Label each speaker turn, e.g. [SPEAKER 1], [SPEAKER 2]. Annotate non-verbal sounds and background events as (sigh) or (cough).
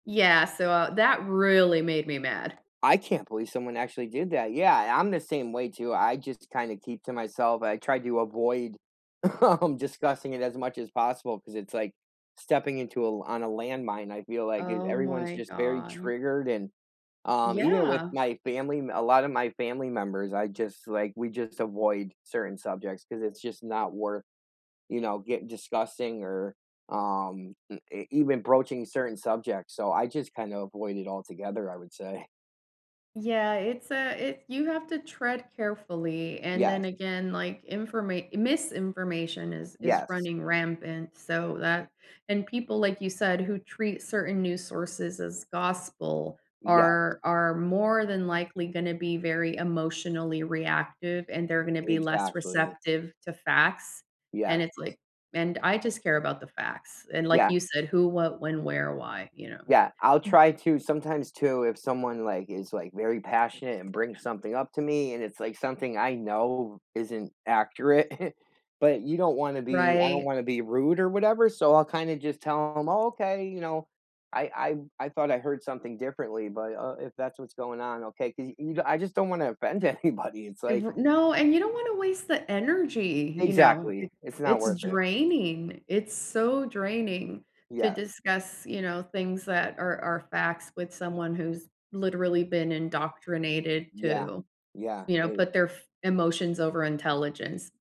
[SPEAKER 1] Yeah, so, uh, that really made me mad.
[SPEAKER 2] I can't believe someone actually did that, yeah, I'm the same way too, I just kinda keep to myself, I try to avoid, um, discussing it as much as possible 'cause it's, like stepping into a l on a landmine, I feel like th
[SPEAKER 1] Oh
[SPEAKER 2] everyone's
[SPEAKER 1] my
[SPEAKER 2] just very
[SPEAKER 1] god.
[SPEAKER 2] triggered, and, um, even with
[SPEAKER 1] Yeah.
[SPEAKER 2] my family m a lotta my family members, I just, like we just avoid certain subjects 'cause it's just not worth, you know, get discussing or, um, m even broaching certain subjects, so I just kinda avoid it altogether, I would say. (chuckles)
[SPEAKER 1] Yeah, it's a it you have to tread carefully, and
[SPEAKER 2] Yes.
[SPEAKER 1] then again, like, informa misinformation is is
[SPEAKER 2] Yes.
[SPEAKER 1] running rampant, so that and people, like you said, who treat certain news sources as gospel
[SPEAKER 2] Yes.
[SPEAKER 1] are are more than likely gonna be very emotionally reactive, and they're gonna be less
[SPEAKER 2] Exactly.
[SPEAKER 1] receptive to facts, and
[SPEAKER 2] Yes.
[SPEAKER 1] it's like and, I just care about the facts, and like
[SPEAKER 2] Yeah.
[SPEAKER 1] you said, "Who, what, when, where, why," you know?
[SPEAKER 2] Yeah, I'll
[SPEAKER 1] M
[SPEAKER 2] try to sometimes, too, if someone, like, is, like, very passionate and brings something up to me and it's, like, something I know isn't accurate, (chuckles) but you don't wanna be I don't
[SPEAKER 1] Right.
[SPEAKER 2] wanna be rude or whatever, so I'll kinda just tell 'em, "Oh, okay," you know, "I I I thought I heard something differently, but, uh, if that's what's going on, okay," 'cause you I just don't wanna offend anybody, it's like
[SPEAKER 1] Ev no, and you don't wanna waste the energy, you know?
[SPEAKER 2] Exactly,
[SPEAKER 1] It
[SPEAKER 2] it's not
[SPEAKER 1] it's
[SPEAKER 2] worth it.
[SPEAKER 1] draining, it's so draining to
[SPEAKER 2] Yes.
[SPEAKER 1] discuss, you know, things that are are facts with someone who's literally been indoctrinated
[SPEAKER 2] Yeah,
[SPEAKER 1] to,
[SPEAKER 2] yeah,
[SPEAKER 1] you know,
[SPEAKER 2] it
[SPEAKER 1] put their f emotions over intelligence.